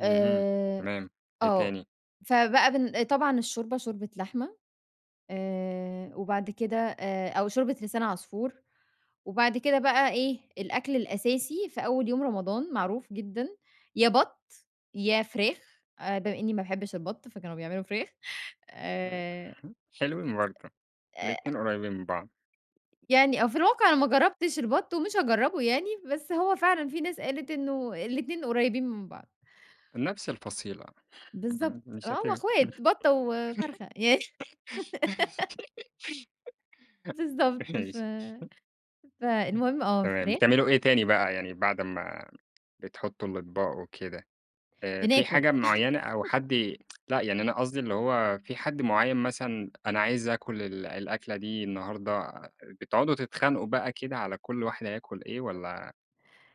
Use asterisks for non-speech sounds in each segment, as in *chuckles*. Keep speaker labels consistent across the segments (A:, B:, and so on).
A: اهم،
B: آآ
A: تمام. إيه
B: آه،
A: تاني؟
B: فبقى بن طبعًا الشوربة شوربة لحمة، آآ وبعد كده آآ أو شوربة لسان عصفور وبعد كده بقى إيه، الأكل الأساسي في أول يوم رمضان معروف جدًا يا بَط، يا فراخ، آآ، بما إنّي ما باحبش البَط، فكانوا بيعملوا فراخ
A: آآ،
B: آآ أ
A: *chuckles* حلوين برضه،
B: آآ
A: الاتنين قريّبين من بعض.
B: يعني آه. في الواقع أنا ما جرّبتش البَط ومش هاجرّبه يعني، بس هو فعلًا في ناس قالت إنه الاتنين قريّبين من بعض.
A: نفس الفصيلة، أ
B: بالضبط.
A: أ
B: آه،
A: مش هت
B: هم إخوات، بَطّة وفرخة ي *laughs*
A: *chuckles*
B: بالضبط. ف
A: ماشي. إمم،
B: فالمهم، آه،
A: تمام.
B: فراخ.
A: بتعملوا إيه تاني بقى يعني بعد أمَّا بتحطّوا الأطباق وكده؟ آآ في
B: بناكل.
A: حاجة معيّنة أو حد
B: *chuckles*
A: ي لأ، يعني أنا قصدي اللي هو في حد معيّن مثلًا أنا عايز آكُل ال الأكلة دي النهارده، بتقعدوا تتخانقوا بقى كده على كل واحد هياكُل إيه والّا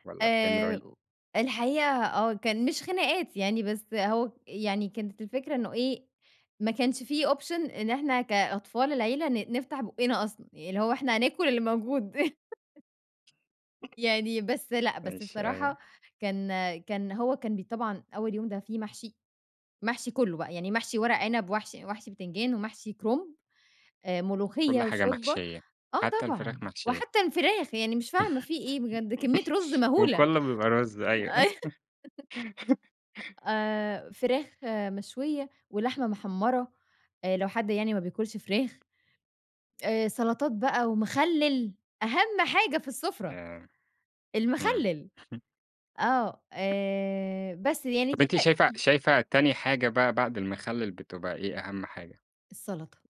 A: والّا بتعملوا
B: آآ
A: إيه؟
B: و الحقيقة آه. كان مش خناقات يعني بس أهو، يعني كانت الفكرة إنه إيه، ما كانش في option إن إحنا كأطفال العيلة ن نفتح بوقّنا أصلًا، اللي هو إحنا هناكُل اللي موجود. *chuckles*
A: *chuckles*
B: يعني بس لأ، بس
A: ماشي، أيوه.
B: الصراحة كان كان هو كان بي طبعًا أول يوم ده فيه محشي، محشي كُلّه بقي، يعني محشي وَرَق عِنَب ومحشي ومحشي بتنجان ومحشي كُرُنب، آآ
A: كل
B: ملوخية
A: حاجة
B: وشوربة،
A: محشيّة،
B: آه
A: حتّى
B: طبعًا،
A: الفراخ محشيّة.
B: وحتّى الفراخ، يعني مش فاهمة في إيه بجد؟ كمّية رُز
A: *chuckles*
B: مهولة
A: وكُلّه بيبقى رُز أيوه.
B: أي *chuckles*
A: *chuckles*
B: آآ، فراخ مشوية ولحمة مِحمّرة، آآ، لو حد يعني ما بياكُلش فراخ، آآ سَلَطات بقى ومخلِّل، أهَم حاجة في السُفرة،
A: ياه! إمم.
B: المخلِّل،
A: *chuckles*
B: آه.
A: *chuckles*
B: آآ بس، يعني
A: طب
B: دي
A: أنتِ
B: ت
A: شايفة شايفة تاني حاجة بقى بعد المخلِّل، بتبقى إيه أهم حاجة؟
B: السَلَطة.